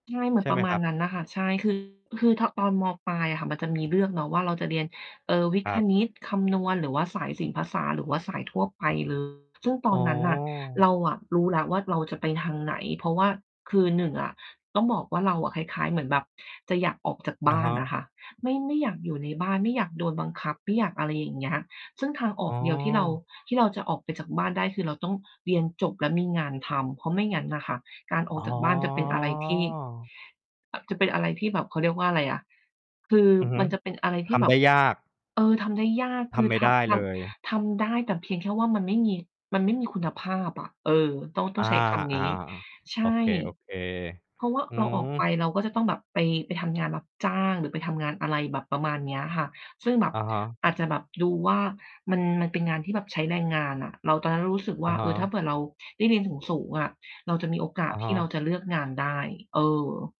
ใช่เหมือใชน่ปไรหมะมาคณรับ? นั้นน่ะค่ะ ใช่ คือ คือถอน ตอน ม.ปลายอะค่ะ มันจะมีเลือกเนาะว่าเราจะเรียน เอ่อ วิคทย์-รคับ ณิต คำนวณ หรือว่าสาย ศิลป์-ภาษา หรือว่าสายทั่วไป เลย ซึ่งตออ๋นนั้นน่ะ เราอ อะรู้แล้วว่าเราจะไปทางไหน เพราะว่าคือ 1 อะ ต้องบอกว่า เราอะคล้าย ๆ เหมือนแบบจะอยากออกจากอบะ้าฮนอะะ ค่ะ ไม่ ไม่อยากอยู่ในบ้านไม่อยากโดนบังคับไม่อยาก อะไรอย่างเงี้ย ซึ่งทางอออ๋กเดียวที่เรา อ ที่เราจะออกไปจากบ้านได้ คือเราต้องเรียนจบแล้วมีงานทำ เพราะไม่งั้นน่ะค่ะ การอออ๋กอ จากบ้านจะเป็นอะไรที่ อ่า จะเป็นอะไรที่แบบ เขาเรียกว่าอะไรอะ อือฮึ ทำได้ยาก คือมันจะเป็นอะไรที่แบบ เออ ทำได้ยากทคืำอไม่ทได้ำ ทเลย ำ ทำได้แต่เพียงแค่ว่ามันไม่มี มันไม่มีคุณภาพอะ เออ ต้อง ต้ออา งใช้คำอนา ี้ ใชโอ่ เค โอเค เพราะว่าอืเราออกไปม เราก็จะต้องแบบไป ไปทำงานรับจ้าง หรือไปทำงานอะไรแบบประมาณเนี้ยค่ะ ซึ่งแบบ อะฮะ อาจจะแบบดูว่ามัน มันเป็นงานที่แบบใช้แรงงานอะ เรา ตอนนั้นเรารู้สึกอวะ่า ฮเออ ถ้าะ เผื่อเราได้เรียนสูง ๆ อะ เราจะมีโอกาอสะฮที่เะ ราจะเลือกงานได้ เออ